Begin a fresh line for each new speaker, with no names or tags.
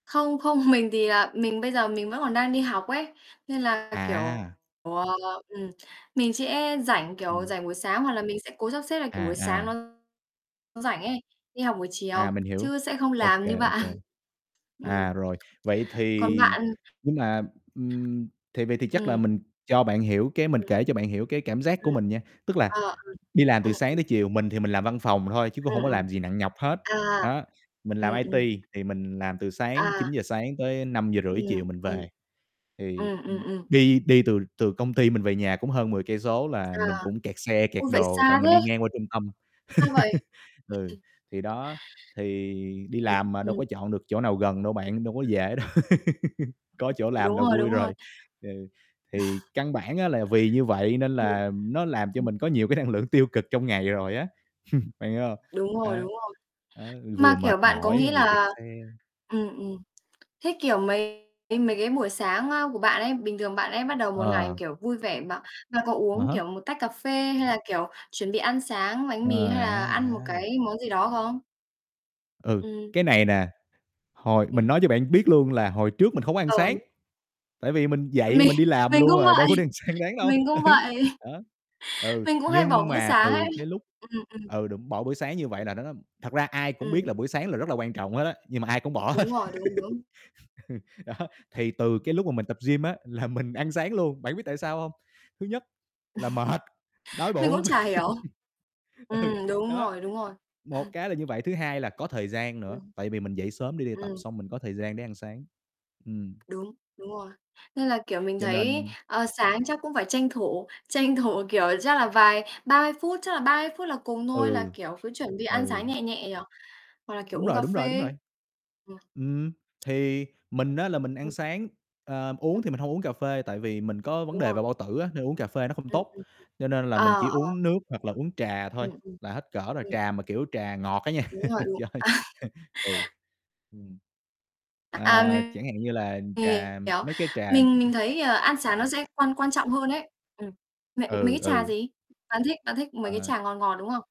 Không, không, mình thì, à, mình bây giờ mình vẫn còn đang đi học ấy. Nên là, kiểu,
À.
ờ, ừm, mình sẽ rảnh, kiểu,
Ừm.
rảnh buổi sáng, hoặc là mình sẽ cố sắp xếp là, kiểu, buổi
À,
sáng
à.
nó rảnh ấy, đi học buổi
À,
chiều
mình hiểu.
chứ sẽ không
OK,
làm như
OK.
bạn. Ừm.
À, rồi, vậy
Còn
thì
bạn?
nhưng mà, ừm, thì vậy thì chắc là
Ừm.
mình cho bạn hiểu cái mình
Ừm.
kể cho bạn hiểu cái cảm giác
Ừm.
của mình nha. Tức là
Ờ, ừm.
đi làm
Ừm,
từ sáng
ừm.
tới chiều, mình thì mình làm văn phòng thôi chứ cũng
Ừm,
hổng có
ừm.
làm gì nặng nhọc hết,
À,
đó, mình làm
ừm, ừm.
IT thì mình làm từ sáng
À.
9:00 sáng tới 5:30
Ừm.
chiều mình
[unintelligible]
về. Thì,
Ừm, ừm,
ừm,
ừm.
đi đi từ từ công ty mình về nhà cũng hơn 10 cây số là
À.
mình cũng kẹt xe, kẹt
Ôi, vậy
đồ tại
xa
mình đi
thế!
ngang qua trung tâm,
Ra vậy.
ừ, thì
[unintelligible]
đó, thì đi
Ừm,
làm mà, đâu
ừm.
có chọn được chỗ nào gần đâu bạn, đâu có dễ đâu, có chỗ làm làm
Đúng
là
rồi,
vui
đúng rồi.
rồi. Ừ, thì căn bản á, là vì như vậy nên
Ừm.
là nó làm cho
[unintelligible]
mình có nhiều cái năng lượng tiêu cực trong ngày rồi á, bạn hiểu hông?
Đúng rồi,
À.
đúng rồi.
Ấy, vừa
Mà, kiểu,
mệt
bạn có nghĩ
mỏi vừa kẹt
là
xe.
ừm, ừm, thế, kiểu, mấy cái buổi sáng, ơ, của bạn ấy, bình thường bạn ấy bắt đầu một ngày,
Ờ.
kiểu, vui vẻ, mà mà có
À
uống,
há.
kiểu, một tách cà phê hay là, kiểu, chuẩn bị ăn sáng bánh
Ờ,
mì hay là
à,
ăn một
à.
cái món gì đó không?
Ừ,
Ừm.
cái này nè, hồi mình
Ừm.
nói cho bạn biết luôn là hồi trước mình không có ăn
Ờ.
sáng, tại vì mình dậy
Mình
mình đi làm
mình
luôn
cũng
rồi,
vậy,
đâu có đi ăn sáng đáng đâu.
mình
Ừ.
cũng vậy,
Đó. Ừ,
mình cũng hay
nhưng
bỏ bữa
mà
sáng
từ
ấy.
cái lúc
Ừm, ừm.
ừ, đúng, bỏ buổi sáng như
Ừm.
vậy là nó nó thật ra ai cũng
Ừm.
biết là buổi sáng là rất là quan trọng hết á, nhưng mà ai cũng bỏ hết.
Đúng rồi, đúng, đúng.
Đó, thì từ cái lúc mà mình tập gym á, là mình ăn sáng luôn, bạn có biết tại sao hông? Thứ nhất là mệt, đói
Mình cũng
bụng,
chả hiểu.
ừ,
Ừm, đúng
đó,
rồi, đúng rồi.
một cái là như vậy, thứ hai là có thời gian nữa,
Ừm.
tại vì mình dậy sớm để đi tập,
Ừm.
xong mình có thời gian để ăn sáng. Ừm.
Đúng, đúng rồi. Nên là, kiểu, mình
Cho
thấy,
nên
ờ, sáng chắc cũng phải tranh thủ, tranh thủ, kiểu, chắc là vài 30 phút, chắc là 30 phút là cùng thôi, là,
Ừ.
kiểu, cứ chuẩn bị ăn
Ừ.
sáng nhẹ nhẹ nhỉ, hoặc là, kiểu,
Đúng
uống
rồi,
cà
đúng rồi, đúng
phê.
rồi.
[unintelligible]
Ừm, thì mình á, là mình ăn
[unintelligible]
sáng, ờ, uống thì
Ừm.
mình hông uống cà phê, tại vì mình có vấn
Đúng
đề
rồi.
về bao tử á, nên uống cà phê nó không
Ừm, ừm,
tốt,
ừm.
cho nên là mình
Ờ,
chỉ
ờ.
uống nước hoặc là uống trà thôi,
Ừm, ừm.
là hết cỡ rồi.
Ừm.
Trà mà, kiểu, trà ngọt á nha.
Đúng rồi,
Trời ơi.
[unintelligible]
Ừ. Ừm.
À,
Ờ,
mình
chẳng hạn như là, ừm, trà,
hiểu.
mấy cái trà
Mình mình thấy, ờ, ăn sáng nó sẽ quan quan trọng hơn ấy. Ừm, mậy mấy
Ừ,
cái trà
ừ.
gì? Bạn thích bạn thích mấy cái
Ờ.
trà ngọt, ngọt, đúng không?